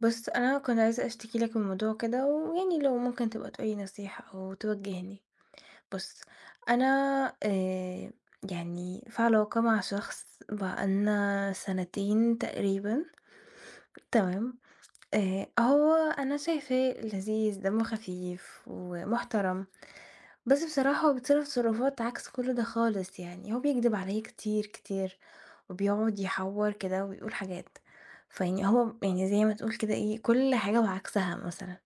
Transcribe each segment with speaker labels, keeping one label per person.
Speaker 1: بُص أنا كنت عايزة أشتكي لك من موضوع كده ويعني لو ممكن تبقى تقول لي نصيحة أو توجّهني، بُص أنا آآ يعني في علاقة مع شخص بقى لنا سَنتين تقريبًا تمام؟ آآ أ هو أنا شايفاه لذيذ، دمّه خفيف ومحترم بس بصراحة هو بيتصرف تصرفات عكس كل ده خالص، يعني هو بيكدب عليّا كتير، كتير وبيقعد يحوّر كده وبيقول حاجات، فيعني هو م يعني زي ما تقول كده إيه كل حاجة وعكسها مثلًا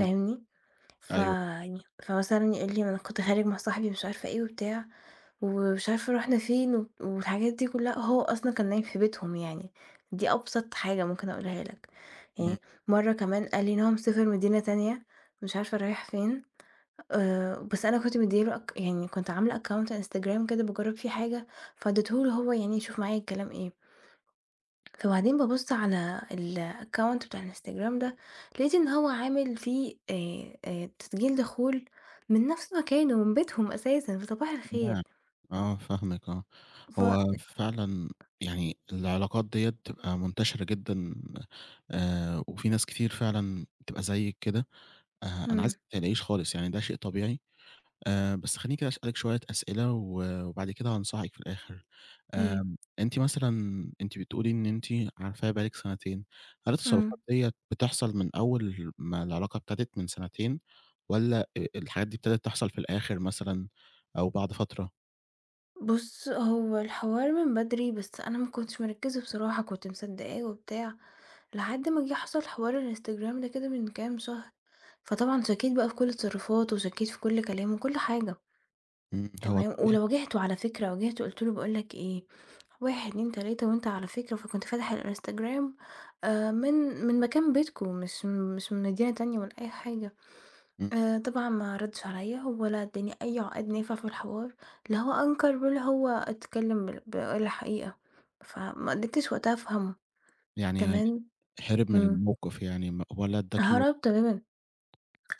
Speaker 2: امم. أيوه.
Speaker 1: فيعني فمثلًا يقول لي ما أنا كنت خارج مع صاحبي مش عارفة إيه وبتاع ومش عارفة رُحنا فين و والحاجات دي كلّها وهو أصلًا كان نايم في بيتهم يعني، دي أبسط حاجة ممكن أقولها لك، أي
Speaker 2: إمم.
Speaker 1: مَرّة كمان قال لي إن هو سافر مدينة تانية مش عارفة رايح فين آآ بس أنا كنت مديّ له أك يعني كنت عاملة account Instagram كده باجرّب فيه حاجة فاديته له هو يعني يشوف معايا الكلام إيه فبعدين ببُص على الaccount بتاع الInstagram ده لقيت إن هو عامل فيه آآ آآ تسجيل دخول من نَفْس مكانه من بيتهم أساسًا، فصباح
Speaker 2: [unintelligible]
Speaker 1: الخير.
Speaker 2: آه فاهمِك آه، هو
Speaker 1: فإن.
Speaker 2: فعلًا يعني العلاقات دِيّة بتبقى منتشرة جدًا آآ وفي ناس كتير فعلًا بتبقى زيِّك كده آآ، أنا
Speaker 1: إمم.
Speaker 2: عايزِك ما تقلقيش خالص يعني ده شيء طبيعي آآ، بس خلّيني كده أسأل لِك شوية أسئلة و وبعد كده هانصحِك في الآخر.
Speaker 1: أيوه.
Speaker 2: آمم، أنتِ مثلًا أنتِ بتقولي إن أنتِ عارفاه بقى لِك سَنتين، هل التصرفات
Speaker 1: إمم.
Speaker 2: دِيّة بتحصل من أول ما العلاقة ابتدت من سَنتين، والّا آآ الحاجات دي ابتدت تحصل في الآخِر مثلًا أو بعد فترة؟
Speaker 1: بُص هو الحوار من بدري بس أنا ما كنتش مركزة بصراحة كنت مصدقاه وبتاع، لحد ما جه حصل حوار الInstagram ده كده من كام شهر فطبعًا شكيت بقى في كل تصرفاته وشكيت في كل كلامه وكل حاجة
Speaker 2: إمم هو
Speaker 1: تمام،
Speaker 2: [unintelligible]
Speaker 1: ولو واجهته على فكرة واجهته قلت له باقول لك إيه 1 2 3 وأنت على فكرة فكنت فاتح الInstagram آآ من من مكان بيتكم مش مش من مدينة تانية والّا أي حاجة
Speaker 2: إمم.
Speaker 1: آآ، طبعًا ما ردش عليَّ ولا أداني أي عقاد نافع في الحوار، لا هو أنكر ولا هو اتكلم بال قال حقيقة فما قدرتش وقتها أفهمه
Speaker 2: يعني
Speaker 1: تمام؟
Speaker 2: هرب من
Speaker 1: إمم.
Speaker 2: الموقف يعني م ولا اداكِ
Speaker 1: هرب تمامًا،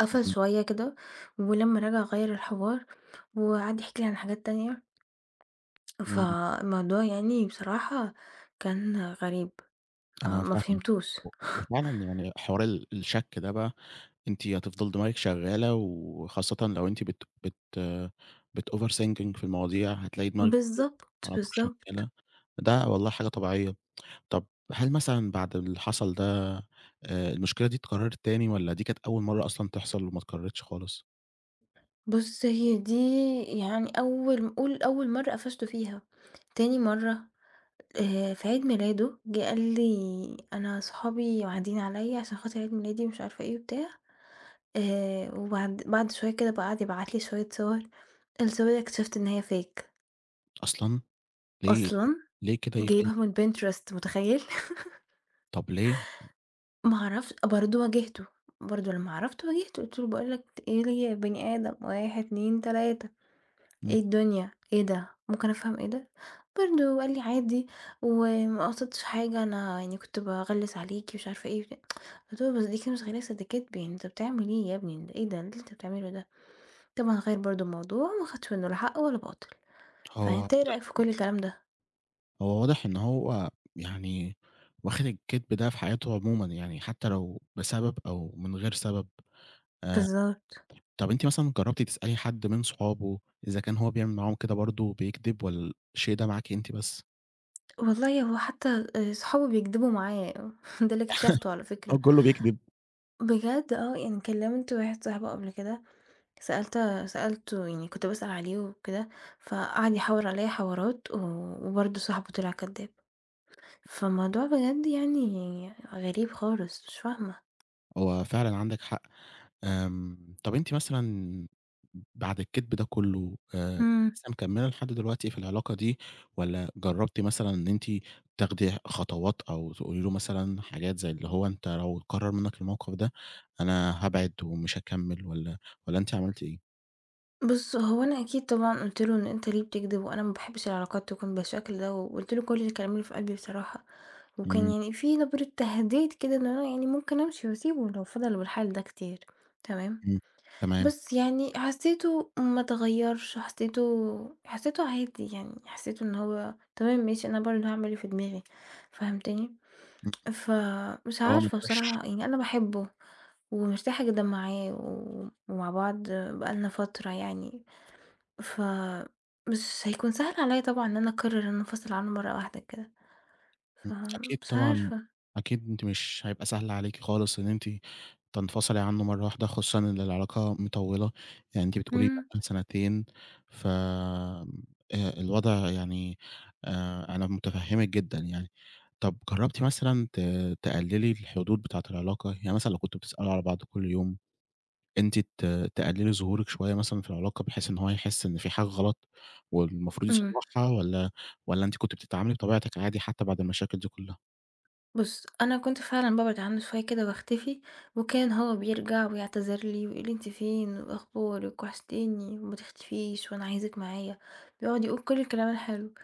Speaker 1: قفل
Speaker 2: إمم.
Speaker 1: شوية كده ولمّا رجع غيّر الحوار وقعد يحكي لي عن حاجات تانية.
Speaker 2: إمم.
Speaker 1: فالموضوع يعني بصراحة كان غريب آآ
Speaker 2: أنا
Speaker 1: فما
Speaker 2: فاهمِك
Speaker 1: فهمتوش..
Speaker 2: و وفعلاً يعني حوار ال الشَك ده بقى أنتِ هتفضل دماغِك شغالة وخاصةً لو أنتِ بت بت بتoverthinking في المواضيع هتلاقي دماغِك [unintelligible]
Speaker 1: بالضبط،
Speaker 2: على طول
Speaker 1: بالضبط.
Speaker 2: شغالة، ده والله حاجة طبيعية، طَب هل مثلًا بعد اللي حصل ده آآ المشكلة دي اتكررت تاني والّا دي كانت أول مرة أصلًا تحصل وما اتكررتش خالص؟
Speaker 1: بُص هي دي يعني أول قُل أول مرّة قفشته فيها تاني مرّة، آآ، في عيد ميلاده جه قال لي: "أنا صحابي واعدين عليّا علشان خاطر عيد ميلادي مش عارفة إيه وبتاع" آآ، وبعد بعد شوية كده بقى اقعد يبعت لي شوية صور الصور دي اكتشفت إن هي fake.
Speaker 2: أصلًا! ليه؟
Speaker 1: أصلًا،
Speaker 2: ليه كده يف
Speaker 1: جايبها من Pinterest متخيّل!
Speaker 2: طَب ليه؟
Speaker 1: ما اعرفش برضه واجهته، برضه لمّا عرفت واجهته قُلت له باقول لَك إيه يا بني آدم، 1، 2، 3 إيه
Speaker 2: إمم.
Speaker 1: الدنيا؟ إيه ده؟ ممكن أفهم إيه ده؟ برضه قال لي: "عادي، وما قصدتش حاجة، أنا يعني كنت بأغلس عليكِ مش عارفة إيه" قُلت له بس دي كده مش غلاسة دي كدب يعني أنت بتعمل إيه يا ابني؟ إيه ده؟ إيه اللي أنت بتعمله ده؟ طبعًا غيّر برضه الموضوع، ما خدش منّه ولا حق ولا باطل،
Speaker 2: هو
Speaker 1: فأنت إيه رأيك في
Speaker 2: واضح
Speaker 1: كُل الكلام ده؟
Speaker 2: هو واضح إن هو يعني واخد الكدب ده في حياته عمومًا يعني حتّى لو بسبب أو من غير سبب آآ،
Speaker 1: بالضبط.
Speaker 2: طَب أنتِ مثلًا جربتِ تسألي حد من صحابه إذا كان هو بيعمل معاهم كده برضه وبيكدب، والّا الشيء ده معاكِ أنتِ بس؟
Speaker 1: والله، هو حتى آآ صحابه بيكدبوا معاه ده اللي اكتشفته على فكرة.
Speaker 2: هو كله بيكدب.
Speaker 1: بجد آه يعني كلمت واحد صاحبه قبل كده، سألت سألته يعني كنت باسأل عليه وكده فقعد يحوّرعليّا حوارات، ووبرضو صاحبه طلع كداب، فالموضوع بجد يعني غريب خالص مش فاهمة.
Speaker 2: هو فعلًا عندِك حق، آمم، طب أنتِ مثلًا بعد الكدب ده كله، آآ،
Speaker 1: إمم.
Speaker 2: لسه مكملِه لحد دلوقتي في العلاقة دي، والّا جربتِ مثلًا إن أنتِ تاخدي خطوات، أو تقولي له مثلًا حاجات زي اللي هو: أنت لو اتكرر منِك الموقف ده، أنا هابعد، ومش هاكمل، والّا، والّا أنتِ عملتِ إيه؟
Speaker 1: بُصّ، هو أنا أكيد طبعًا قُلت له: "إن أنت ليه بتكدب؟ وأنا ما باحبش العلاقات تكون بالشكل ده." وقُلت له كل الكلام اللي في قلبي بصراحة، وكان
Speaker 2: إمم.
Speaker 1: يعني في نبرة تهديد كده، إن أنا يعني ممكن أمشي وأسيبه لو فضل بالحال ده كتير، تمام؟
Speaker 2: إمم تمام.
Speaker 1: بس يعني حسيته ما اتغيرش، حسيته، حسيته عادي يعني، حسيته إن هو تمام، ماشي، أنا برضو هاعمل اللي في دماغي، فهمتني؟
Speaker 2: إمم،
Speaker 1: فمش
Speaker 2: آه
Speaker 1: عارفة
Speaker 2: [unintelligible]
Speaker 1: بصراحة يعني، أنا باحبه، ومرتاحة جدًا معاه، و ومع بعض بقالنا فترة يعني، ف مش هيكون سهل عليّا طبعًا إن أنا أقرر إن أنا أنفصل عنه مرة واحدة كده،
Speaker 2: إمم، أكيد
Speaker 1: فمش
Speaker 2: طبعًا،
Speaker 1: عارفة.
Speaker 2: أكيد، أنتِ مش هيبقى سهل عليكِ خالص إن أنتِ تنفصلي عنه مرة واحدة، خصوصًا إن العلاقة مطولة، يعني أنتِ بتقولي بقا
Speaker 1: امم.
Speaker 2: لِك سنتين، ف آآ الوضع يعني، آآ أنا متفهمِك جدًا يعني، طب جربتِ مثلًا ت تقللي الحدود بتاعة العلاقة؟ يعني مثلًا، لو كنتوا بتسألوا على بعض كل يوم، أنتِ ت تقللي ظهورك شوية مثلًا في العلاقة، بحيث إن هو يحس إن فيه حاجة غلط، والمفروض
Speaker 1: امم.
Speaker 2: يصلحها، والّا، والّا أنتِ كنتِ بتتعاملي بطبيعتِك عادي، حتى بعد المشاكل دي كلها؟
Speaker 1: بُصّ، أنا كنت فعلًا بابعد عنه شوية كده، وأختفي، وكان هو بيرجع ويعتذر لي، ويقول لي: أنتِ فين، وأخبارِك؟ وحشتيني، وما تختفيش، وأنا عايزِك معايا، بيقعد يقول كل الكلام الحلو،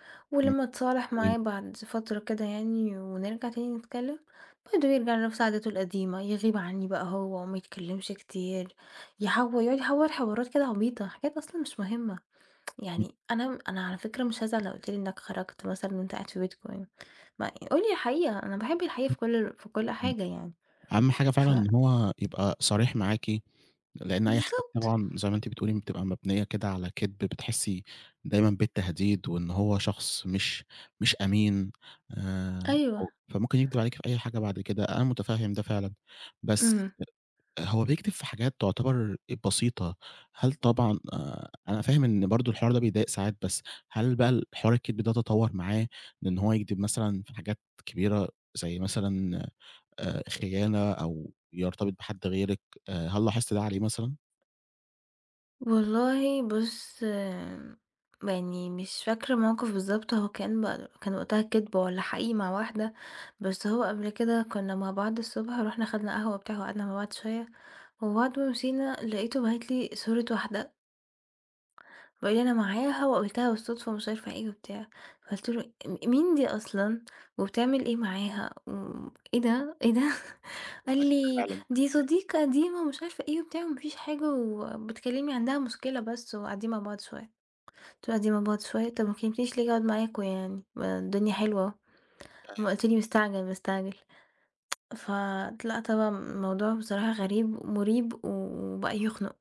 Speaker 2: إمم
Speaker 1: ولمّا اتصالح معاه
Speaker 2: أيوه.
Speaker 1: بعد فترة كده يعني، ونرجع تاني نتكلم، برضو يرجع لنفس عاداته القديمة، يغيب عني بقى هو، وما يتكلمش كتير، يحوّر، يقعد يحوّر حوارات كده عبيطة، حاجات أصلًا مش مهمة،
Speaker 2: إمم.
Speaker 1: يعني أنا، أنا على فكرة مش هازعل لو قُلت لي إنك خرجت مثلًا، وانت قاعد في بيتكم، ما قول لي الحقيقة، أنا باحب الحقيقة
Speaker 2: امم،
Speaker 1: في كل، في كل
Speaker 2: إمم،
Speaker 1: حاجة يعني،
Speaker 2: أهم حاجة
Speaker 1: ف
Speaker 2: فعلًا إن هو يبقى صريح معاكِ، لإن أي حاجة
Speaker 1: بالضبط.
Speaker 2: طبعًا، زي ما أنتِ بتقولي، بتبقى مبنية كده على كدب، بتحسي دايمًا بالتهديد، وإن هو شخص مش، مش أمين، آآ،
Speaker 1: أيوه.
Speaker 2: فممكن يكدب عليكِ في أي حاجة بعد كده، أنا متفهم ده فعلًا، بس
Speaker 1: امم.
Speaker 2: هو بيكدب في حاجات تعتبر بسيطة، هل طبعًا، آآ، أنا فاهم إن برضه الحوار ده بيضايق ساعات، بس هل بقى ال حوار الكدب ده تطور معاه، من إن هو يكدب مثلًا في حاجات كبيرة، زي مثلًا، آآ، خيانة، أو يرتبط بحد غيرك؟ آآ، هل لاحظتي ده عليه مثلًا؟
Speaker 1: والله بُص آمم يعني مش فاكرة مَوقِف بالضبط، هو كان ب كان وقتها كدبة والَّا حقيقي مع واحدة، بس هو قبل كده كُنا مع بعض الصُبح، ورُحنا خدنا قهوة وبتاع وقعدنا مع بعض شوية، وبعد ما مشينا لقيته باعت لي صورة واحدة وقال لي أنا معاها، وقابلتها بالصُدفة، ومش عارفة إيه وبتاع. فقُلت له أ مين دي أصلًا؟ وبتعمل إيه معاها؟ وإيه ده؟ إيه ده؟ قال لي: "دي
Speaker 2: [unintelligible]
Speaker 1: صديقة قديمة، ومش عارفه إيه وبتاع، وما فيش حاجة، وبتكلمني عندها مشكلة بس، وقاعدين مع بعض شوية." قُلت له قاعدين مع بعض شوية؟ طَب ما كلمتنيش ليه آجي أقعد معاكم يعني؟ ما الدنيا حلوة اهو. امّا
Speaker 2: أيوه.
Speaker 1: قُلت لي مستعجل، مستعجل. فطلعت بقى الموضوع بصراحة غريب ومُريب و وبقى يخنُق،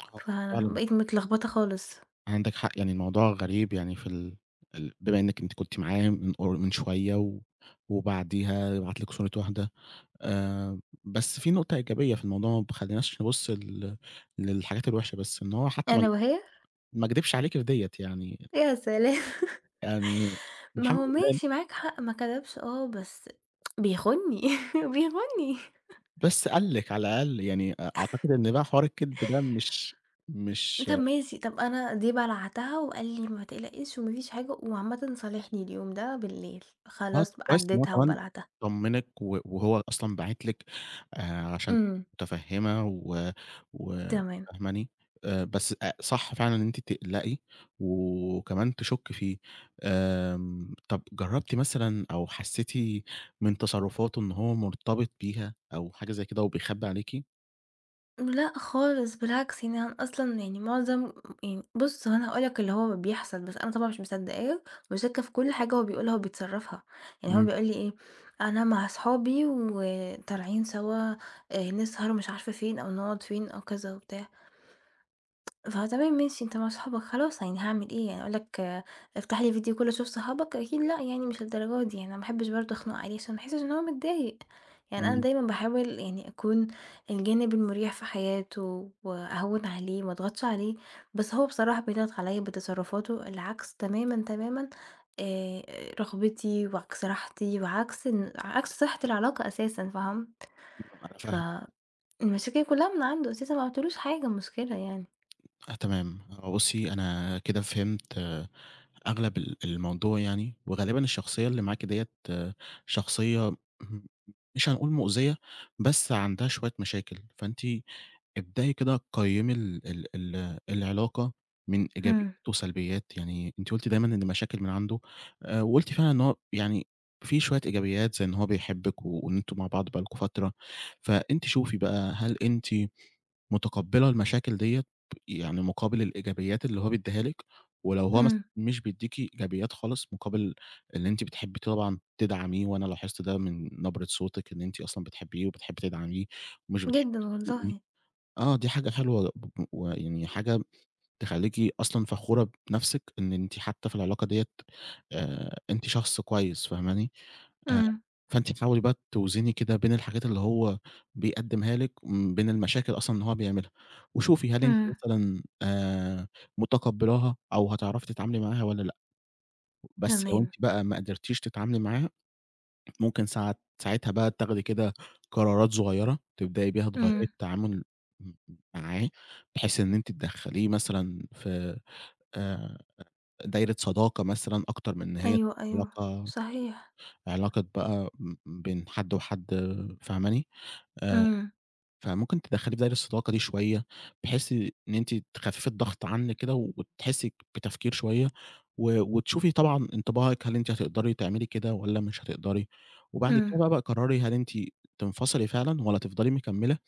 Speaker 2: آه فعلًا.
Speaker 1: فبقيت متلخبطة خالص.
Speaker 2: عندِك حق، يعني الموضوع غريب يعني في ال ال بما إنِك أنتِ كنتِ معاه مِن قر مِن شوية و وبعديها يبعت لِك صورة واحدة. آآ بس في نُقطة إيجابية في الموضوع ما تخليناش نبص لل للحاجات الوحشة بس، إن هو حتى ما
Speaker 1: ألا وهي؟
Speaker 2: ما كدِبش عليكِ في ديّة يعني.
Speaker 1: يا سلام!
Speaker 2: يعني
Speaker 1: ما
Speaker 2: الحمد
Speaker 1: هو
Speaker 2: لله
Speaker 1: ماشي معاك حق، ما كدبش آه، بس بيخوني، بيخوني.
Speaker 2: بس قال لِك على الأقل، يعني أعتقد إن بقى حوار الكدب ده مش مش
Speaker 1: طَب ماشي، طَب أنا دي بَلَعتها وقال لي: "ما تقلقيش وما فيش حاجة." وعامةً صالحني اليوم ده بالليل،
Speaker 2: آه
Speaker 1: خلاص بقي
Speaker 2: كويس إن هو
Speaker 1: عَدتها
Speaker 2: كمان
Speaker 1: وبَلَعتها.
Speaker 2: طمّنك، و وهو أصلًا باعت لِك آآ عشان
Speaker 1: إمم.
Speaker 2: مُتفهِمة و و
Speaker 1: تمام.
Speaker 2: فاهماني؟ آآ بس أ صح فعلًا إن أنتِ تقلقي وكمان تشُكي فيه. آمم طَب جرّبتِ مثلًا أو حسيتِ مِن تصرفاته إن هو مُرتبط بيها أو حاجة زي كده أو بيخبي عليكِ؟
Speaker 1: لأ خالص، بالعكس يعني أنا أصلًا يعني معظم يعني بُصّ هو أنا هاقول لك اللي هو بيحصل، بس أنا طبعًا مش مصدقاه مش وشاكّة في كُلّ حاجة هو بيقولها وبيتصرّفها، يعني هو
Speaker 2: إمم.
Speaker 1: بيقول لي إيه: "أنا مع صحابي وطالعين سوا آآ، نسهر"، مش عارفة فين أو نقعد فين أو كذا وبتاع. فتمام ماشي أنت مع صحابك خلاص يعني هاعمل إيه يعني، أقول لك افتح لي video call أشوف صحابك؟! أكيد لأ يعني مش للدرجة دي يعني، أنا ما احبّش برضو أخنق عليه عشان ما يحسّش إن هو متضايق، يعني أنا
Speaker 2: إمم.
Speaker 1: دايمًا باحاول يعني أكون الجانب المُريح في حياته وأهوّن عليه وما أضغطش عليه، بس هو بصراحة بيضغط عليّا بتصرفاته اللي عكس تمامًا، تمامًا، آآ، رغبتي وعكس راحتي وعكس ان عكس صحة العلاقة أساسًا، فاهم؟
Speaker 2: أنا فاهم
Speaker 1: فالمشاكل كلّها من عنده أساسًا، ما عملتلهوش حاجة مشكلة يعني.
Speaker 2: تمام، هو بُصّي أنا كده فهمت أغلب ال الموضوع يعني، وغالبًا الشخصيّة اللي معاكِ ديّة شخصيّة م مش هنقول مؤذية بس عندها شوية مشاكل، فأنتِ ابدئي كده قيّّمي ال ال العلاقة من إيجابيات
Speaker 1: إمم.
Speaker 2: وسلبيات، يعني أنتِ قُلتِ دايمًا إن المشاكل من عنده آآ، وقُلتِ فعلًا إن هو يعني فيه شوية إيجابيات زي إن هو بيحبِّك وإن أنتم مع بعض بقى لكم فترة، فأنتِ شوفي بقى هل أنتِ متقبّلة المشاكل ديّة يعني مُقابل الإيجابيات اللي هو بيدّيها لِك، ولو هو مثلًا
Speaker 1: إمم.
Speaker 2: مش بيدّيكِ إيجابيات خالص مقابل إن أنتِ بتحبي طبعًا تدعّميه، وأنا لاحظت ده من نبرة صوتِك إن أنتِ أصلًا بتحبّيه وبتحبّي تدعميه ومش بتحبّي
Speaker 1: جدًا
Speaker 2: تخونيه،
Speaker 1: والله.
Speaker 2: آه دي حاجة حلوة ب ب ويعني حاجة تخلّيكِ أصلًا فخورة بنَفْسك إن أنتِ حتى في العلاقة ديّة آآ، أنتِ شخص كويس، فاهماني؟ آآ،
Speaker 1: إمم.
Speaker 2: فأنتِ تحاولي بقى توْزني كده بين الحاجات اللي هو بيقدّمها لِك وبين المشاكل أصلًا اللي هو بيعملها، وشوفي هل أنتِ
Speaker 1: إمم.
Speaker 2: مثلًا آآ، متقبّلاها أو هتعرفي تتعاملي معاها والّا لأ؟ بس لو
Speaker 1: تمام.
Speaker 2: أنتِ بقى ما قدرتيش تتعاملي معاها، ممكن ساعات ساعتها بقى تاخدي كده قرارات صغيّرة تبدئي بيها تغيّري
Speaker 1: إمم.
Speaker 2: التعامل م معاه، بحيث إن أنتِ تدخّليه مثلًا في آآ، دايرة صداقة مثلًا أكتر من إن هي
Speaker 1: أيوه، أيوه،
Speaker 2: علاقة
Speaker 1: صحيح.
Speaker 2: علاقة بقى بين حد وحد فاهماني؟ آآ،
Speaker 1: إمم.
Speaker 2: فممكن تدخّليه في دايرة الصداقة دي شوية بحيث إن أنتِ تخفّفي الضغط عنِك كده وتحسّي بتفكير شوية، و وتشوفي طبعًا انطباعِك هل أنتِ هتقدري تعملي كده والّا مش هتقدري، وبعد
Speaker 1: إمم.
Speaker 2: كده بقى قرّري هل أنتِ تنفصلي فعلًا والّا تفضلي مكمّلة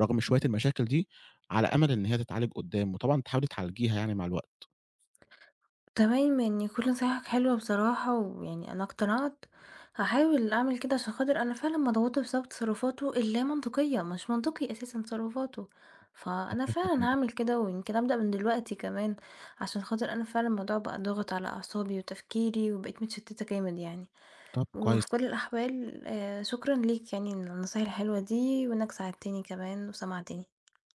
Speaker 2: رغم شوية المشاكل دي على أمل إن هي تتعالج قدّام، وطبعًا تحاولي تعالجيها يعني مع الوقت.
Speaker 1: تمام، يعني كُلّ نصايحك حلوة بصراحة، ويعني أنا اقتنعت، هاحاول أعمل كده عشان خاطر أنا فعلًا مضغوطة بسبب تصرفاته اللامنطقية، مش منطقي أساسًا تصرفاته، فأنا فعلًا
Speaker 2: [unintelligible]
Speaker 1: هاعمل كده ويمكن أبدأ من دلوقتي كمان، عشان خاطر أنا فعلًا الموضوع بقى ضاغط على أعصابي وتفكيري وبقيت متشتّتة جامد يعني،
Speaker 2: طَب كويس.
Speaker 1: وفي كُلّ الأحوال آآ، شكرًا ليك يعني على النصايح الحلوة دي وإنّك ساعدتني كمان وسمعتني.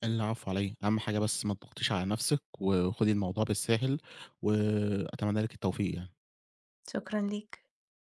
Speaker 2: العفو على إيه؟ أهم حاجة بس ما تضغطيش على نَفْسِك، وخدي الموضوع بالساهل وأتمنّى لِك التوفيق يعني.
Speaker 1: شكرًا ليك.